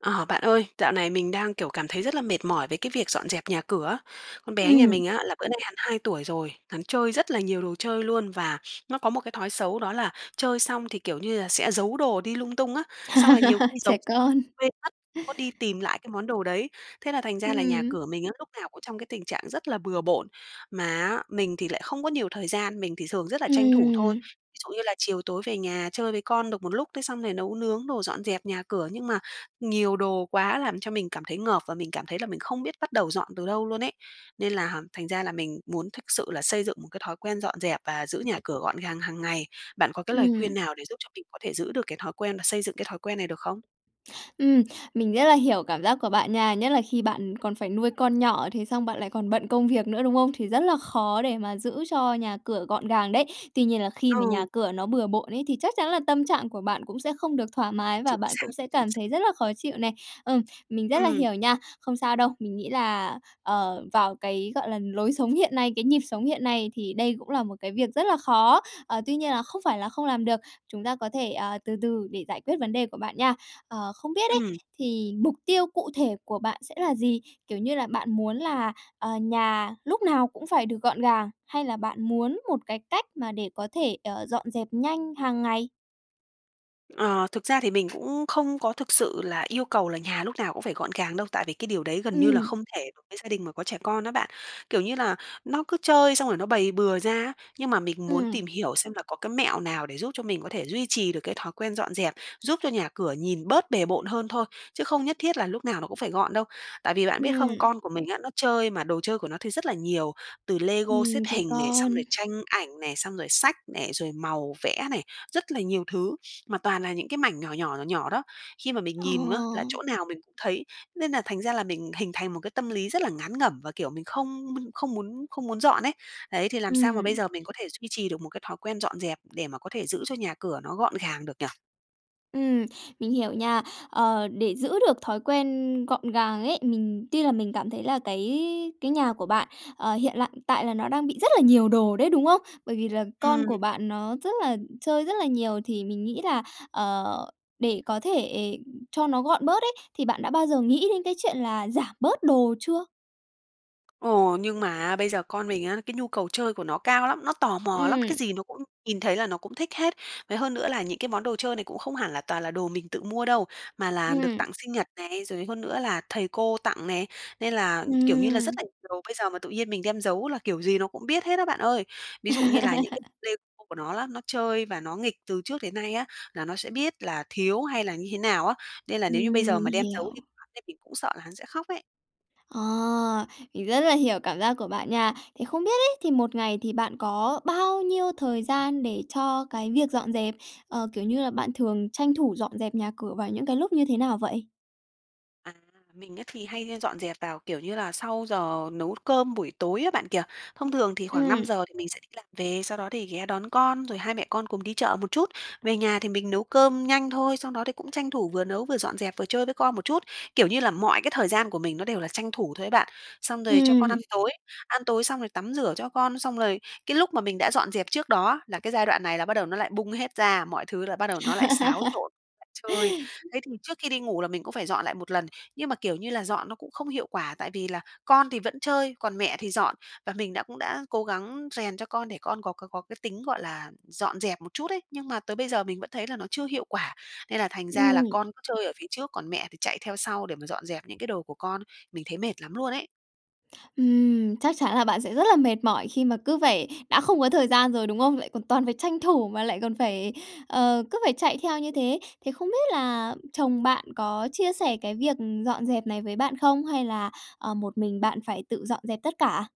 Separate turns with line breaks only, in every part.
À, bạn ơi, dạo này mình đang, kiểu, cảm thấy rất là mệt mỏi với cái việc dọn dẹp nhà cửa. Con bé nhà
Ừm.
mình á là bữa nay hắn 2 tuổi rồi, hắn chơi rất là nhiều đồ chơi luôn và nó có một cái thói xấu đó là chơi xong thì, kiểu như là, sẽ giấu đồ đi lung tung á. Xong là nhiều khi giấu
Trẻ
xong
con.
quên mất, có đi tìm lại cái món đồ đấy. Thế là thành ra là nhà
Ừm.
cửa mình á, lúc nào cũng trong cái tình trạng rất là bừa bộn. Mà á, mình thì lại không có nhiều thời gian, mình thì thường rất là tranh thủ thôi.
Ừm.
Ví dụ như là chiều tối về nhà chơi với con được một lúc, thế xong rồi nấu nướng đồ, dọn dẹp nhà cửa. Nhưng mà nhiều đồ quá làm cho mình cảm thấy ngợp và mình cảm thấy là mình không biết bắt đầu dọn từ đâu luôn ấy. Nên là thành ra là mình muốn thực sự là xây dựng một cái thói quen dọn dẹp và giữ nhà cửa gọn gàng hằng ngày. Bạn có cái lời khuyên
Ừm.
nào để giúp cho mình có thể giữ được cái thói quen và xây dựng cái thói quen này được không?
Ừm, mình nghĩa là hiểu cảm giác của bạn nha, nhất là khi bạn còn phải nuôi con nhỏ thế xong bạn lại còn bận công việc nữa, đúng không? Thì rất là khó để mà giữ cho nhà cửa gọn gàng đấy. Tuy nhiên là khi mà
Ừ.
nhà cửa nó bừa bộn ấy, thì chắc chắn là tâm trạng của bạn cũng sẽ không được thoải mái và
Chính
bạn
xác,
cũng sẽ
chính
cảm
xác.
thấy rất là khó chịu này. Ừm, mình rất là
Ừm.
hiểu nha! Không sao đâu, mình nghĩ là, ờ, vào cái, gọi là, lối sống hiện nay, cái nhịp sống hiện nay thì đây cũng là một cái việc rất là khó. Ờ, tuy nhiên là không phải là không làm được, chúng ta có thể, ờ, từ từ để giải quyết vấn đề của bạn nha. Ờ, không biết ấy,
Ừm.
thì mục tiêu cụ thể của bạn sẽ là gì? Kiểu như là, bạn muốn là, ờ, nhà lúc nào cũng phải được gọn gàng, hay là bạn muốn một cái cách mà để có thể, ờ, dọn dẹp nhanh hàng ngày?
Ờ, thực ra thì mình cũng không có thực sự là yêu cầu là nhà lúc nào cũng phải gọn gàng đâu, tại vì cái điều đấy gần như là
Ừm.
không thể đối với gia đình mà có trẻ con á bạn. Kiểu như là nó cứ chơi xong rồi nó bày bừa ra á, nhưng mà mình muốn
Ừm.
tìm hiểu xem là có cái mẹo nào để giúp cho mình có thể duy trì được cái thói quen dọn dẹp, giúp cho nhà cửa nhìn bớt bề bộn hơn thôi, chứ không nhất thiết là lúc nào nó cũng phải gọn đâu. Tại vì bạn biết không?
Ừm.
Con của mình á, nó chơi mà đồ chơi của nó thì rất là nhiều, từ Lego xếp
Ừm, trẻ
hình này, xong rồi
con.
tranh ảnh này, xong rồi sách này, rồi màu vẽ này, rất là nhiều thứ, mà toàn là những cái mảnh nhỏ nhỏ, nhỏ nhỏ đó. Khi mà mình
Ồ.
nhìn á, là chỗ nào mình cũng thấy, nên là thành ra là mình hình thành một cái tâm lý rất là ngán ngẩm và, kiểu, mình không m không muốn không muốn dọn ấy. Đấy, thì làm sao mà bây
Ừm.
giờ mình có thể duy trì được một cái thói quen dọn dẹp để mà có thể giữ cho nhà cửa nó gọn gàng được nhỉ?
Ừm, mình hiểu nha. Ờ, để giữ được thói quen gọn gàng ấy, mình tuy là mình cảm thấy là cái cái nhà của bạn, ờ, hiện lại tại là nó đang bị rất là nhiều đồ đấy, đúng không? Bởi vì là con
Ừm.
của bạn nó rất là chơi rất là nhiều thì mình nghĩ là, ờ, để có thể cho nó gọn bớt ấy, thì bạn đã bao giờ nghĩ đến cái chuyện là giảm bớt đồ chưa?
Ồ, nhưng mà á bây giờ con mình á, cái nhu cầu chơi của nó cao lắm, nó tò mò lắm,
Ừm.
cái gì nó cũng nhìn thấy là nó cũng thích hết. Với hơn nữa là những cái món đồ chơi này cũng không hẳn là toàn là đồ mình tự mua đâu, mà là được
Ừm.
tặng sinh nhật này, rồi hơn nữa là thầy cô tặng này, nên là, kiểu như là, rất
Ừm.
là nhiều đồ. Bây giờ mà tự nhiên mình đem giấu là kiểu gì nó cũng biết hết á bạn ơi. Ví dụ như là thích những c Lego của nó á, nó chơi và nó nghịch từ trước đến nay á, là nó sẽ biết là thiếu hay là như thế nào á. Nên là nếu như bây
Ừm,
giờ
mình
mà đem giấu
hiểu.
đi của hắn thì mình cũng sợ là hắn sẽ khóc ấy.
Ờ, mình rất là hiểu cảm giác của bạn nha. Thế không biết ấy, thì một ngày thì bạn có bao nhiêu thời gian để cho cái việc dọn dẹp? Ờ, kiểu như là, bạn thường tranh thủ dọn dẹp nhà cửa vào những cái lúc như thế nào vậy?
À, mình ấy thì hay dọn dẹp vào, kiểu như là, sau giờ nấu cơm buổi tối á bạn kìa. Thông thường thì khoảng năm
Ừm.
giờ thì mình sẽ đi làm về, sau đó thì ghé đón con, rồi hai mẹ con cùng đi chợ một chút. Về nhà thì mình nấu cơm nhanh thôi, sau đó thì cũng tranh thủ vừa nấu, vừa dọn dẹp vừa chơi với con một chút. Kiểu như là mọi cái thời gian của mình nó đều là tranh thủ thôi ấy bạn. Xong rồi cho con
Ừm.
ăn tối, ăn tối xong rồi tắm rửa cho con, xong rồi cái lúc mà mình đã dọn dẹp trước đó á là cái giai đoạn này là bắt đầu nó lại bung hết ra, mọi thứ là bắt đầu nó lại xáo trộn lại chơi. Thế thì trước khi đi ngủ là mình cũng phải dọn lại một lần nhưng mà kiểu như là, dọn nó cũng không hiệu quả, tại vì là con thì vẫn chơi, còn mẹ thì dọn. Và mình đã cũng đã cố gắng rèn cho con để con có có có cái tính, gọi là, dọn dẹp một chút ấy nhưng mà tới bây giờ mình vẫn thấy là nó chưa hiệu quả, nên là thành ra là
Ừm.
con cứ chơi ở phía trước, còn mẹ thì chạy theo sau để mà dọn dẹp những cái đồ của con. Mình thấy mệt lắm luôn ấy.
Ừm, chắc chắn là bạn sẽ rất là mệt mỏi khi mà cứ phải đã không có thời gian rồi, đúng không? Lại còn toàn phải tranh thủ mà lại còn phải, ờ, cứ phải chạy theo như thế. Thế không biết là chồng bạn có chia sẻ cái việc dọn dẹp này với bạn không? Hay là, ờ, một mình bạn phải tự dọn dẹp tất cả?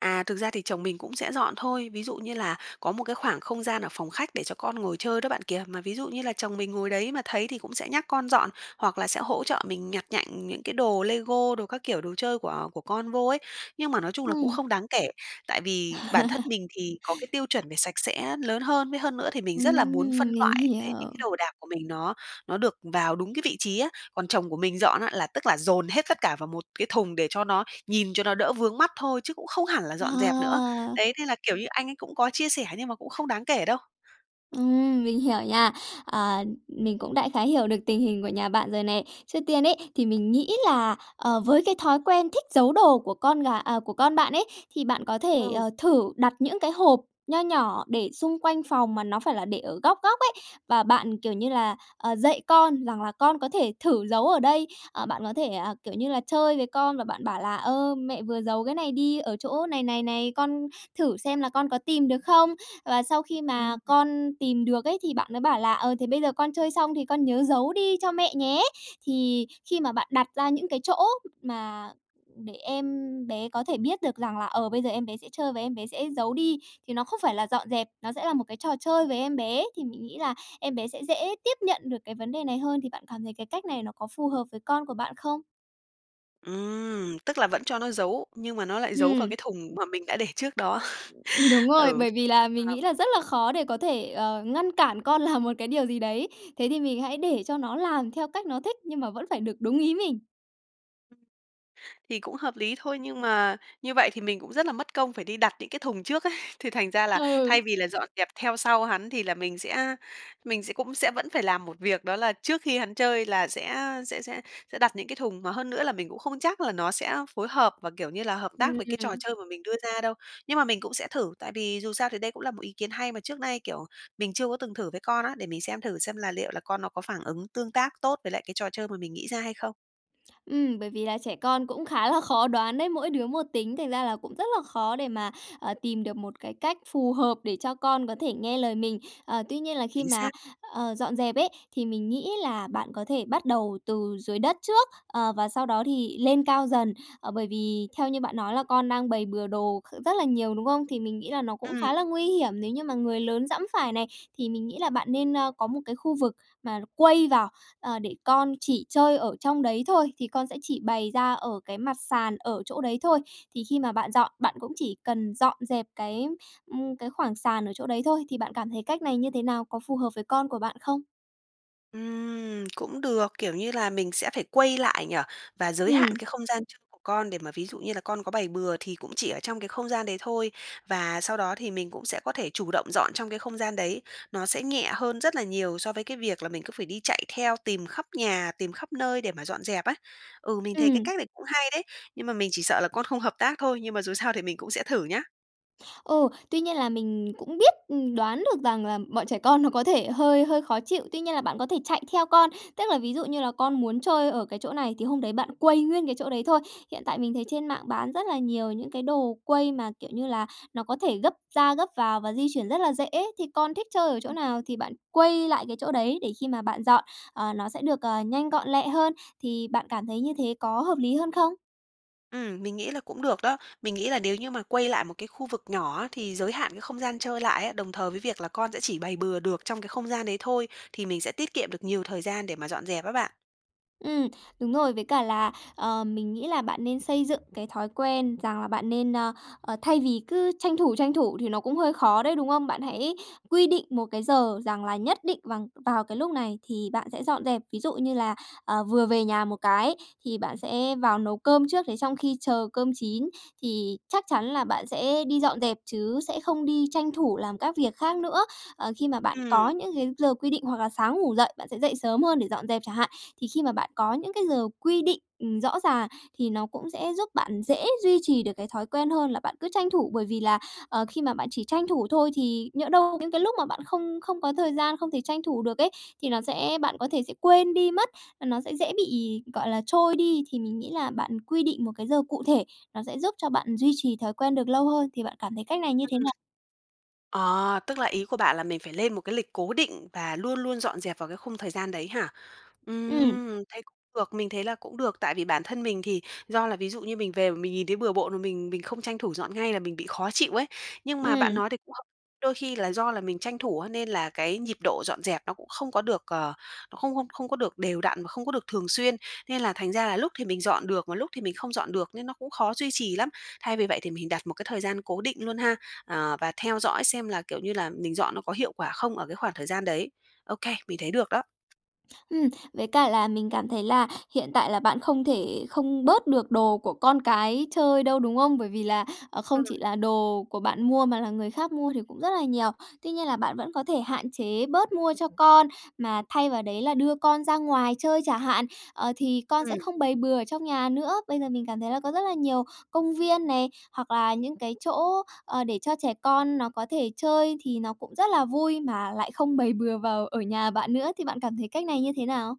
À, thực ra thì chồng mình cũng sẽ dọn thôi. Ví dụ như là có một cái khoảng không gian ở phòng khách để cho con ngồi chơi đó, bạn kìa. Mà ví dụ như là chồng mình ngồi đấy mà thấy thì cũng sẽ nhắc con dọn, hoặc là sẽ hỗ trợ mình nhặt nhạnh những cái đồ Lego đồ các kiểu, đồ chơi của của con vô ấy. Nhưng mà nói chung là cũng
Ừm.
không đáng kể, tại vì bản thân mình thì có cái tiêu chuẩn về sạch sẽ lớn hơn. Với hơn nữa thì mình rất là muốn
Ừm,
phân
mình
loại tại vì
hiểu.
cái đồ đạc của mình nó nó được vào đúng cái vị trí á. Còn chồng của mình dọn á, là tức là dồn hết tất cả vào một cái thùng để cho nó nhìn cho nó đỡ vướng mắt thôi, chứ cũng không hẳn là dọn dẹp nữa.
À.
Đấy, nên là, kiểu như, anh ấy cũng có chia sẻ nhưng mà cũng không đáng kể đâu.
Ừm, mình hiểu nha. À, mình cũng đại khái hiểu được tình hình của nhà bạn rồi này. Trước tiên ấy, thì mình nghĩ là, ờ, với cái thói quen thích giấu đồ của con gà à, của con bạn ấy, thì bạn có thể,
Ừ.
ờ, thử đặt những cái hộp nho nhỏ để xung quanh phòng mà nó phải là để ở góc góc ấy. Và bạn, kiểu như là, ờ, dạy con rằng là con có thể thử giấu ở đây. À, bạn có thể, à, kiểu như là, chơi với con và bạn bảo là "Ơ, mẹ vừa giấu cái này đi ở chỗ này, này, này, con thử xem là con có tìm được không?" Và sau khi mà
Ừm.
con tìm được ấy, thì bạn mới bảo là "Ờ, thế bây giờ con chơi xong thì con nhớ giấu đi cho mẹ nhé." Thì khi mà bạn đặt ra những cái chỗ mà để em bé có thể biết được rằng là, ờ, bây giờ em bé sẽ chơi và em bé sẽ giấu đi. Thì nó không phải là dọn dẹp, nó sẽ là một cái trò chơi với em bé, thì mình nghĩ là em bé sẽ dễ tiếp nhận được cái vấn đề này hơn. Thì bạn cảm thấy cái cách này nó có phù hợp với con của bạn không?
Ừm, tức là vẫn cho nó giấu, nhưng mà nó lại giấu
Ừm.
vào cái thùng mà mình đã để trước đó.
Đúng rồi,
Ừ,
bởi vì
thế
là
nhưng
mình
mà
nghĩ là rất là khó để có thể, ờ, ngăn cản con làm một cái điều gì đấy, thế thì mình hãy để cho nó làm theo cách nó thích nhưng mà vẫn phải được đúng ý mình.
Thì cũng hợp lý thôi, nhưng mà như vậy thì mình cũng rất là mất công phải đi đặt những cái thùng trước ấy. Thì thành ra là
Ừ.
thay vì là dọn dẹp theo sau hắn thì là mình sẽ mình sẽ cũng sẽ vẫn phải làm một việc đó là trước khi hắn chơi là sẽ sẽ sẽ sẽ đặt những cái thùng, mà hơn nữa là mình cũng không chắc là nó sẽ phối hợp và, kiểu như là, hợp tác với cái trò
Ừm.
chơi mà mình đưa ra đâu. Nhưng mà mình cũng sẽ thử, tại vì dù sao thì đây cũng là một ý kiến hay mà trước nay, kiểu, mình chưa có từng thử với con á, để mình xem thử xem là liệu là con nó có phảng ứng tương tác tốt với lại cái trò chơi mà mình nghĩ ra hay không.
Ừm, bởi vì là trẻ con cũng khá là khó đoán đấy, mỗi đứa một tính, thành ra là cũng rất là khó để mà, ờ, tìm được một cái cách phù hợp để cho con có thể nghe lời mình. Ờ, tuy nhiên là khi
Chính
mà,
xác.
ờ, dọn dẹp ấy, thì mình nghĩ là bạn có thể bắt đầu từ dưới đất trước, ờ, và sau đó thì lên cao dần. Ờ, bởi vì theo như bạn nói là con đang bày bừa đồ kh rất là nhiều, đúng không? Thì mình nghĩ là nó cũng
Ừm.
khá là nguy hiểm nếu như mà người lớn giẫm phải này. Thì mình nghĩ là bạn nên, ơ, có một cái khu vực mà quây vào, ờ, để con chỉ chơi ở trong đấy thôi, thì con sẽ chỉ bày ra ở cái mặt sàn ở chỗ đấy thôi, thì khi mà bạn dọn, bạn cũng chỉ cần dọn dẹp cái, ừm, cái khoảng sàn ở chỗ đấy thôi. Thì bạn cảm thấy cách này như thế nào, có phù hợp với con của bạn không?
Ừm, cũng được, kiểu như là mình sẽ phải quây lại nhỉ? Và giới hạn
Ừm.
cái không gian chơi của con để mà ví dụ như là con có bày bừa thì cũng chỉ ở trong cái không gian đấy thôi. Và sau đó thì mình cũng sẽ có thể chủ động dọn trong cái không gian đấy, nó sẽ nhẹ hơn rất là nhiều so với cái việc là mình cứ phải đi chạy theo, tìm khắp nhà, tìm khắp nơi để mà dọn dẹp ấy. Ừ, mình thấy cái
Ừm.
cách này cũng hay đấy. Nhưng mà mình chỉ sợ là con không hợp tác thôi, nhưng mà dù sao thì mình cũng sẽ thử nhá.
Ừ, tuy nhiên là mình cũng biết, ừ, đoán được rằng là bọn trẻ con nó có thể hơi hơi khó chịu. Tuy nhiên là bạn có thể chạy theo con, tức là ví dụ như là con muốn chơi ở cái chỗ này thì hôm đấy bạn quây nguyên cái chỗ đấy thôi. Hiện tại mình thấy trên mạng bán rất là nhiều những cái đồ quây mà, kiểu như là, nó có thể gấp ra gấp vào và di chuyển rất là dễ. Thì con thích chơi ở chỗ
Ừm.
nào thì bạn quây lại cái chỗ đấy để khi mà bạn dọn, ờ, nó sẽ được, ờ, nhanh gọn lẹ hơn. Thì bạn cảm thấy như thế có hợp lý hơn không?
Ừm, mình nghĩ là cũng được đó. Mình nghĩ là nếu như mà quây lại một cái khu vực nhỏ á, thì giới hạn cái không gian chơi lại ấy, đồng thời với việc là con sẽ chỉ bày bừa được trong cái không gian đấy thôi, thì mình sẽ tiết kiệm được nhiều thời gian để mà dọn dẹp á bạn.
Ừm, đúng rồi, với cả là, ờ, mình nghĩ là bạn nên xây dựng cái thói quen rằng là bạn nên, ờ, ờ, thay vì cứ tranh thủ, tranh thủ thì nó cũng hơi khó đấy, đúng không? Bạn hãy quy định một cái giờ rằng là nhất định vằng vào cái lúc này thì bạn sẽ dọn dẹp, ví dụ như là, ờ, vừa về nhà một cái thì bạn sẽ vào nấu cơm trước, để trong khi chờ cơm chín thì chắc chắn là bạn sẽ đi dọn dẹp chứ sẽ không đi tranh thủ làm các việc khác nữa. Ờ, khi mà bạn
Ừm.
có những cái giờ quy định hoặc là sáng ngủ dậy, bạn sẽ dậy sớm hơn để dọn dẹp chẳng hạn. Thì khi mà bạn có những cái giờ quy định, ừm, rõ ràng, thì nó cũng sẽ giúp bạn dễ duy trì được cái thói quen hơn là bạn cứ tranh thủ, bởi vì là, ờ, khi mà bạn chỉ tranh thủ thôi thì nhỡ đâu những cái lúc mà bạn không không có thời gian, không thể tranh thủ được ấy, thì nó sẽ bạn có thể sẽ quên đi mất, và nó sẽ dễ bị, gọi là, trôi đi. Thì mình nghĩ là bạn quy định một cái giờ cụ thể, nó sẽ giúp cho bạn duy trì thói quen được lâu hơn. Thì bạn cảm thấy cách này như
Ừm.
thế nào?
Ờ, tức là ý của bạn là mình phải lên một cái lịch cố định và luôn luôn dọn dẹp vào cái khung thời gian đấy hả?
Ừm.
Ừm, thấy cũng được, mình thấy là cũng được, tại vì bản thân mình thì do là ví dụ như mình về mà mình nhìn thấy bừa bộn mà mình mình không tranh thủ dọn ngay là mình bị khó chịu ấy. Nhưng mà bạn
Ừm.
nói thì cũng hợp đôi khi là do là mình tranh thủ á, nên là cái nhịp độ dọn dẹp nó cũng không có được, ờ nó không không có được đều đặn và không có được thường xuyên, nên là thành ra là lúc thì mình dọn được, mà lúc thì mình không dọn được nên nó cũng khó duy trì lắm. Thay vì vậy thì mình đặt một cái thời gian cố định luôn ha, ờ, và theo dõi xem là, kiểu như là, mình dọn nó có hiệu quả không ở cái khoảng thời gian đấy. Ô kê, mình thấy được đó.
Ừm, với cả là mình cảm thấy là hiện tại là bạn không thể không bớt được đồ của con cái chơi đâu, đúng không? Bởi vì là, ờ, không chỉ
Ừm.
là đồ của bạn mua mà là người khác mua thì cũng rất là nhiều. Tuy nhiên là bạn vẫn có thể hạn chế bớt mua cho con, mà thay vào đấy là đưa con ra ngoài chơi chả hạn, ờ, thì con sẽ
Ừm.
không bày bừa ở trong nhà nữa. Bây giờ mình cảm thấy là có rất là nhiều công viên này, hoặc là những cái chỗ, ờ, để cho trẻ con nó có thể chơi, thì nó cũng rất là vui mà lại không bày bừa vào ở nhà bạn nữa. Thì bạn cảm thấy cách này như thế nào?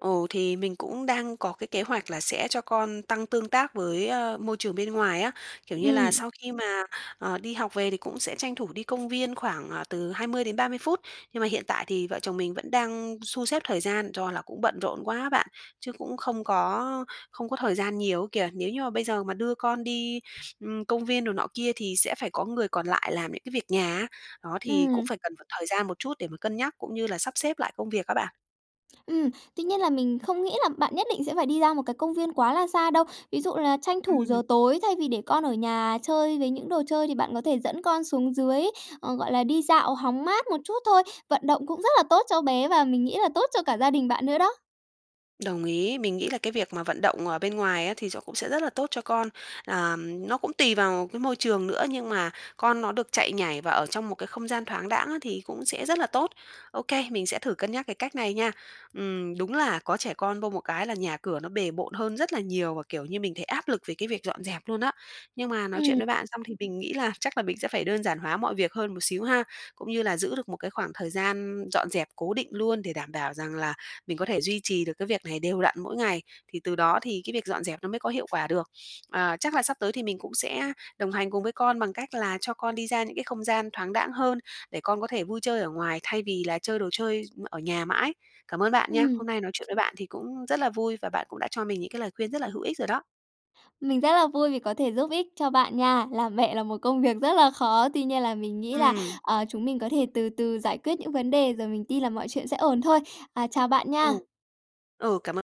Ừ, thì mình cũng đang có cái kế hoạch là sẽ cho con tăng tương tác với, a, môi trường bên ngoài á, kiểu như là,
Ừm.
sau khi mà, ờ, đi học về thì cũng sẽ tranh thủ đi công viên khoảng, à, từ 20-30 phút. Nhưng mà hiện tại thì vợ chồng mình vẫn đang xu xếp thời gian do là cũng bận rộn quá á bạn, chứ cũng không có không có thời gian nhiều ấy kìa. Nếu như mà bây giờ mà đưa con đi, ừm, công viên đồ nọ kia thì sẽ phải có người còn lại làm những cái việc nhà á. Đó, thì cũng
Ừm.
phải cần một thời gian một chút để mà cân nhắc cũng như là sắp xếp lại công việc á bạn.
Ừm, tuy nhiên là mình không nghĩ là bạn nhất định sẽ phải đi ra một cái công viên quá là xa đâu. Ví dụ là tranh thủ
Ừm.
giờ tối, thay vì để con ở nhà chơi với những đồ chơi thì bạn có thể dẫn con xuống dưới, ờ, gọi là, đi dạo hóng mát một chút thôi. Vận động cũng rất là tốt cho bé và mình nghĩ là tốt cho cả gia đình bạn nữa đó.
Đồng ý, mình nghĩ là cái việc mà vận động ở bên ngoài á thì nó cũng sẽ rất là tốt cho con. Ờm, nó cũng tùy vào cái môi trường nữa, nhưng mà con nó được chạy nhảy và ở trong một cái không gian thoáng đãng á thì cũng sẽ rất là tốt. Ô kê, mình sẽ thử cân nhắc cái cách này nha. Ừm, đúng là có trẻ con vô một cái là nhà cửa nó bề bộn hơn rất là nhiều và kiểu như mình thấy áp lực về cái việc dọn dẹp luôn á. Nhưng mà nói chuyện
Ừm.
với bạn xong thì mình nghĩ là chắc là mình sẽ phải đơn giản hóa mọi việc hơn một xíu ha, cũng như là giữ được một cái khoảng thời gian dọn dẹp cố định luôn để đảm bảo rằng là mình có thể duy trì được cái việc này đều đặn mỗi ngày. Thì từ đó thì cái việc dọn dẹp nó mới có hiệu quả được. Ờ, chắc là sắp tới thì mình cũng sẽ đồng hành cùng với con bằng cách là cho con đi ra những cái không gian thoáng đãng hơn để con có thể vui chơi ở ngoài thay vì là chơi đồ chơi ở nhà mãi. Cảm ơn bạn nha. Hôm
Ừm.
nay nói chuyện với bạn thì cũng rất là vui và bạn cũng đã cho mình những cái lời khuyên rất là hữu ích rồi đó.
Mình rất là vui vì có thể giúp ích cho bạn nha. Làm mẹ là một công việc rất là khó, tuy nhiên là mình nghĩ là,
Ừm.
ờ, chúng mình có thể từ từ giải quyết những vấn đề rồi mình tin là mọi chuyện sẽ ổn thôi. À, chào bạn
Ừ,
nha.
ừ, cảm ơn.